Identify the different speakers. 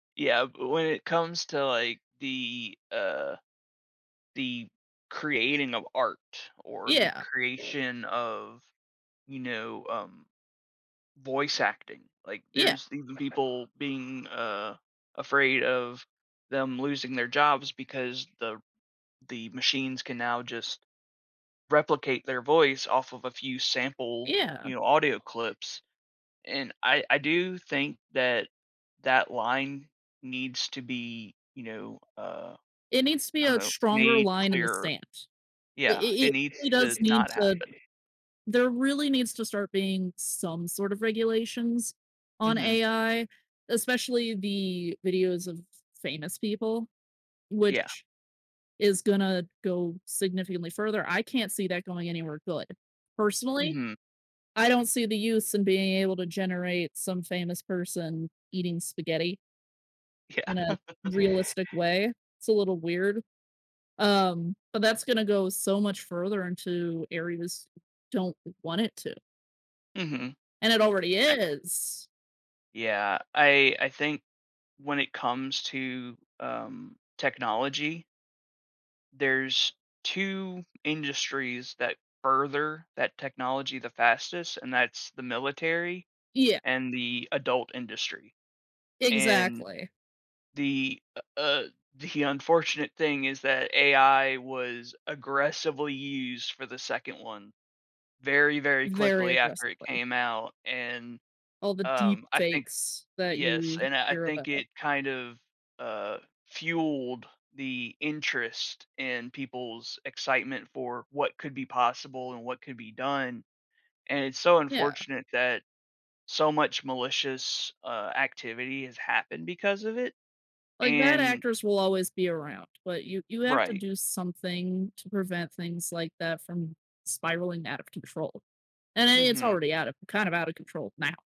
Speaker 1: Yeah, but when it comes to, like, the, uh, the creating of art or the
Speaker 2: Yeah.
Speaker 1: creation of, you know, um, voice acting, like,
Speaker 2: Yeah.
Speaker 1: there's even people being, uh, afraid of them losing their jobs because the the machines can now just replicate their voice off of a few sample,
Speaker 2: Yeah.
Speaker 1: you know, audio clips, and I I do think that that line needs to be, you know, uh,
Speaker 2: It needs to be
Speaker 1: I don't
Speaker 2: a
Speaker 1: know,
Speaker 2: stronger
Speaker 1: made
Speaker 2: line in the
Speaker 1: clear
Speaker 2: sand. It
Speaker 1: yeah,
Speaker 2: it
Speaker 1: it
Speaker 2: it
Speaker 1: needs
Speaker 2: really
Speaker 1: to
Speaker 2: does need
Speaker 1: not
Speaker 2: to
Speaker 1: happen.
Speaker 2: there really needs to start being some sort of regulations on
Speaker 1: Mhm.
Speaker 2: AI, especially the videos of famous people,
Speaker 1: Yeah.
Speaker 2: which is gonna go significantly further. I can't see that going anywhere good. Personally,
Speaker 1: Mhm.
Speaker 2: I don't see the use in being able to generate some famous person eating spaghetti
Speaker 1: Yeah.
Speaker 2: in a realistic way. It's a little weird, um, but that's gonna go so much further into areas don't want it to.
Speaker 1: Mhm.
Speaker 2: And it already
Speaker 1: I
Speaker 2: is.
Speaker 1: Yeah, I I think when it comes to, um, technology there's 2 industries that further that technology the fastest, and that's the military
Speaker 2: Yeah.
Speaker 1: and the adult industry, and
Speaker 2: Exactly.
Speaker 1: the, uh uh, the unfortunate thing is that AI was aggressively used for the 2nd one very, very
Speaker 2: Very
Speaker 1: quickly after it
Speaker 2: aggressively.
Speaker 1: came out, and,
Speaker 2: All the deep
Speaker 1: um, I think
Speaker 2: fakes that
Speaker 1: yes,
Speaker 2: you
Speaker 1: and I, uh,
Speaker 2: hear
Speaker 1: think
Speaker 2: about.
Speaker 1: it kind of, uh, fueled the interest in people's excitement for what could be possible and what could be done, and it's so
Speaker 2: Yeah.
Speaker 1: unfortunate that so much malicious, uh, activity has happened because of it,
Speaker 2: Like, bad
Speaker 1: and
Speaker 2: actors will always be around, but you you have to
Speaker 1: Right.
Speaker 2: do something to prevent things like that from spiraling out of control, and then it's
Speaker 1: Mhm.
Speaker 2: already out of kind of out of control now.